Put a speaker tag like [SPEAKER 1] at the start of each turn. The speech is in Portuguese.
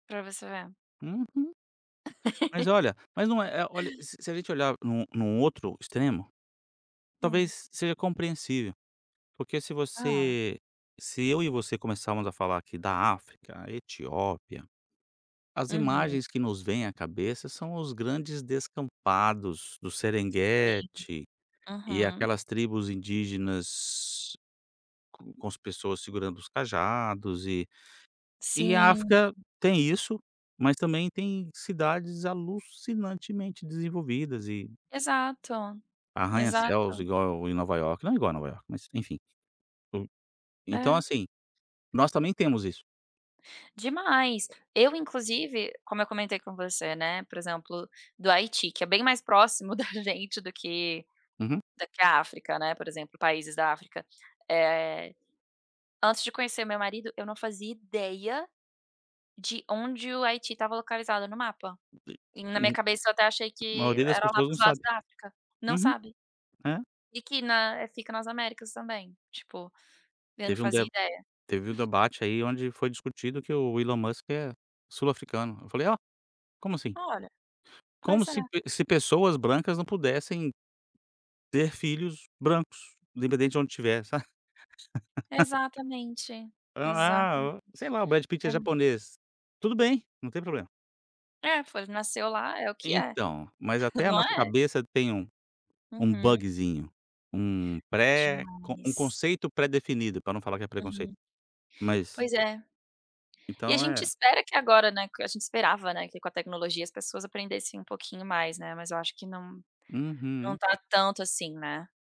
[SPEAKER 1] Pra você ver.
[SPEAKER 2] Uhum. Mas olha, mas não é é olha, se se a gente olhar em um em um outro extremo,
[SPEAKER 1] Hã.
[SPEAKER 2] talvez seja compreensível. Porque se
[SPEAKER 1] Aham.
[SPEAKER 2] você se eu e você começarmos a falar aqui da África, Etiópia, as
[SPEAKER 1] Aham.
[SPEAKER 2] imagens que nos vêm à cabeça são os grandes descampados do
[SPEAKER 1] Sim.
[SPEAKER 2] Serenguetti, e
[SPEAKER 1] Aham.
[SPEAKER 2] aquelas tribos indígenas, com as pessoas segurando os cajados e e a
[SPEAKER 1] Sim.
[SPEAKER 2] África tem isso, mas também tem cidades alucinantemente desenvolvidas e
[SPEAKER 1] Exato,
[SPEAKER 2] arranha-céus
[SPEAKER 1] exato.
[SPEAKER 2] igual em Nova Iorque, não é igual Nova Iorque mas enfim. [unintelligible] Então
[SPEAKER 1] É.
[SPEAKER 2] assim, nós também temos isso.
[SPEAKER 1] Demais. Eu inclusive, como eu comentei com você, né, por exemplo, do Haiti, é bem mais próximo da gente do que
[SPEAKER 2] Uhum.
[SPEAKER 1] do que a África, né, por exemplo países da África. Eh, antes de conhecer meu marido eu não fazia ideia, de onde o Haiti estava localizado no mapa.
[SPEAKER 2] [unintelligible]
[SPEAKER 1] E na minha cabeça eu até achei
[SPEAKER 2] A
[SPEAKER 1] que
[SPEAKER 2] maioria das
[SPEAKER 1] era lá
[SPEAKER 2] pessoas
[SPEAKER 1] para
[SPEAKER 2] não
[SPEAKER 1] os lados
[SPEAKER 2] sabe.
[SPEAKER 1] da África, não
[SPEAKER 2] Uhum,
[SPEAKER 1] sabe.
[SPEAKER 2] é.
[SPEAKER 1] E que Guiné fica nas Américas também, tipo, eu não
[SPEAKER 2] Teve um
[SPEAKER 1] fazia
[SPEAKER 2] de
[SPEAKER 1] ideia.
[SPEAKER 2] teve o debate aí onde foi discutido que o Elon Musk é sul-africano. Eu falei: "Olha, como assim?".
[SPEAKER 1] Olha,
[SPEAKER 2] Como
[SPEAKER 1] pois
[SPEAKER 2] se
[SPEAKER 1] é.
[SPEAKER 2] pe se pessoas brancas não pudessem, ter filhos brancos, independente de onde estiver, sabe?
[SPEAKER 1] Exatamente,
[SPEAKER 2] Sei
[SPEAKER 1] exatamente.
[SPEAKER 2] lá o Brad Pitty
[SPEAKER 1] É
[SPEAKER 2] é japonês. Tudo bem, não tem problema.
[SPEAKER 1] É, foi nasceu lá, é o que é?
[SPEAKER 2] Então, mas até a
[SPEAKER 1] Não
[SPEAKER 2] nossa
[SPEAKER 1] é?
[SPEAKER 2] cabeça tem um um
[SPEAKER 1] Uhum.
[SPEAKER 2] bugezinho, um pré um
[SPEAKER 1] Demais.
[SPEAKER 2] conceito predefinido para não falar que é preconceito.
[SPEAKER 1] Uhum,
[SPEAKER 2] Mas
[SPEAKER 1] pois é. E a
[SPEAKER 2] Então
[SPEAKER 1] gente
[SPEAKER 2] é
[SPEAKER 1] espera que agora, né, a gente esperava, né, que com a tecnologia as pessoas aprendessem um pouquinho mais, né, mas eu acho que não não
[SPEAKER 2] Uhum.
[SPEAKER 1] está tanto assim, né.